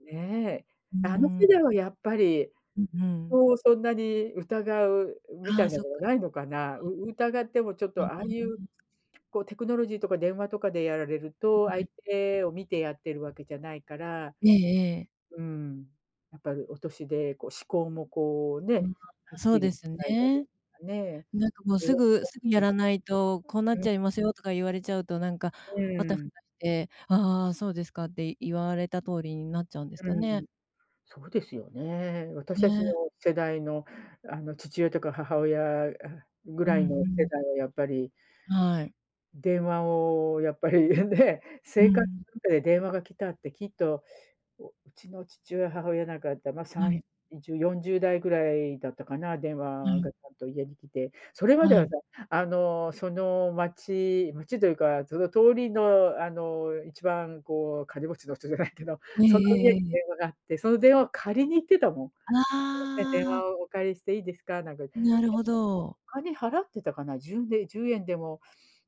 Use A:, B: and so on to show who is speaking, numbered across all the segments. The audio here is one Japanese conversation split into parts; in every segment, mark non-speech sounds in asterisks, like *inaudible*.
A: ね。
B: うー
A: あの世
B: ん。
A: 代はやっぱり、
B: ううん。
A: 人をそんなに疑うみ
B: あ
A: た
B: あ、
A: いな
B: そっ
A: のは、
B: か
A: な
B: そ
A: いのかな。う
B: っか。
A: 疑ってもちょっ
B: うん
A: と、ああ
B: うん
A: い
B: うん
A: う
B: うん。
A: こう、テクノロジーとか電話とかでやられる
B: よ
A: と、
B: んはい
A: 相
B: に。
A: 手を見てやってるわけじゃないから、
B: ええええ。
A: うん、やっぱりお年で、こう思考もこう
B: う
A: ね、
B: ん、
A: は
B: あ、
A: っ
B: そ
A: き
B: う
A: り
B: です
A: *unintelligible*
B: ね。
A: かね。
B: なんかもう
A: それ
B: 「す
A: は
B: ぐす
A: *unintelligible*
B: ぐや
A: で
B: ら
A: す。
B: ないと、こうな
A: う
B: っ
A: ん。
B: ちゃいますよ」とか言われちゃうと、なんか
A: うん
B: あたふ
A: うん。
B: たして。ああ、そうですかって、言われた通りになっちゃうんですか
A: う
B: ね？
A: ん。そうですよね。私たちの
B: ね。
A: 世代の、あの父親とか、母親ぐ
B: う
A: ら
B: ん
A: い
B: う
A: の世
B: ん。
A: 代はやっぱり。
B: はい。
A: 電話を、やっぱりね。
B: う
A: 生活
B: ん。
A: の中で電話が来たってきっと、ううちの父親母親なんか、だ、ま、さ
B: は
A: ん
B: い。
A: じゅうよんじゅうだいぐらいだったかな。電
B: は
A: 話
B: い。
A: がちゃんと家に来て、それまで
B: は
A: は
B: い。
A: さ、あのその町町というかその通りのあの、一番こう金持ちの人じゃないけど、
B: ええ
A: その家
B: え
A: に
B: えええ。
A: 電話があって、その電話を借りに行ってたもん。「すみません、
B: あ
A: 電
B: あ。
A: 話をお借りしていいですか？」なんかいで
B: なるほ
A: も、
B: ど。
A: お金払ってたかな。じゅんで10円でも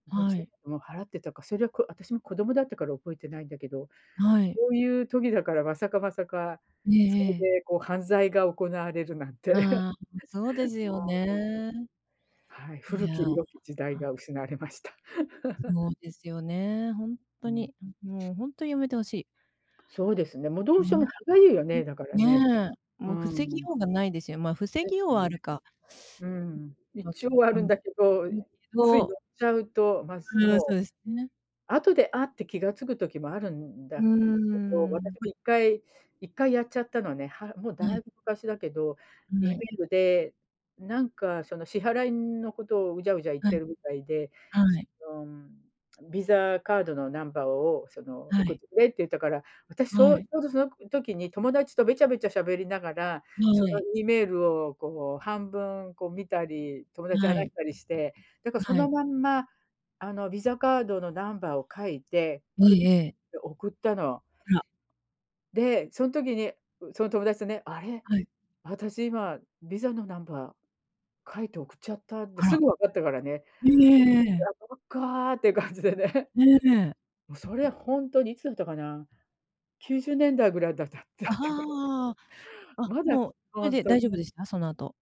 A: ごじ
B: は
A: ゅう
B: い。
A: えん、を払ってたか。それこ私も子供だったから、覚えてないんだけど。
B: はい。
A: そういう時だから、まさかまさか、
B: ええ
A: そ
B: ええ。
A: れでこう、犯罪が行われるなんて。*laughs*
B: ああ、そうです
A: ま
B: よ
A: あ、こん
B: ね。
A: はい、
B: い
A: 古
B: や、
A: き良き時代
B: あ。
A: が失われました。*laughs*
B: そうですよね、ほん
A: う
B: と
A: ん。
B: に。もうほんとにやめてほしい。
A: そうですね。もうどうしょう
B: ね。
A: も、歯痒いよ
B: ん、
A: ね。だからね
B: ねえ、
A: う
B: もう防ぎ
A: ん。
B: ようがないですよ。まあ、防
A: で
B: ぎ
A: す
B: ようはあ
A: ね。
B: るか。
A: うーん、
B: *sucks teeth* ん、ま
A: 一
B: き
A: 応あ
B: ん、
A: るん
B: ん
A: だけど、
B: け
A: つい乗
B: ど
A: っちゃうと、まず
B: うん、そ
A: もう
B: うですね。
A: 後で、あっ、て気が付く時もあるん
B: う
A: だけど、
B: ー
A: 私
B: ん。
A: も1回1回やっちゃったのね。は、もう
B: は
A: だい
B: い。
A: ぶ昔だけど。
B: うん、
A: E
B: は
A: メ
B: い。
A: ールでなんか、その支払いのことを、うじゃうじゃ言っ
B: は
A: て
B: い。
A: るみたいで。
B: は
A: そ
B: い。
A: の、うん、VISA カードのナンバーを、その
B: は
A: 送っ
B: い。
A: てくれって言ったから。私
B: は
A: そう、ち
B: い。
A: ょうどその時に、友達とべちゃべちゃ喋りながら、
B: は
A: その
B: い。
A: E メールをこう、半分こう見たり、友達と話
B: はい。
A: したりして。だからそ
B: は
A: の
B: い。
A: まんま、あの VISA カードのナンバーを書いて、
B: え
A: クリ
B: え
A: ック
B: ええ。
A: で送ったの。
B: あら。
A: で、そん時に、ん、その友達とね、「あれ、
B: はい。
A: 私今、VISA のナンバー書いて送っちゃった」って、
B: あ
A: す
B: ら。
A: ぐわかったからね。
B: ん、えええ
A: い
B: え。
A: や、ばっかって感じでね。
B: ええ。
A: もうそれ、ほんとにいつだったかな？90年代ぐらいだだだ
B: あ
A: ったか
B: あ
A: らね。
B: ああ、あ、
A: まだ
B: もうそれ
A: ほん
B: で
A: とに
B: 大丈夫でした、その後？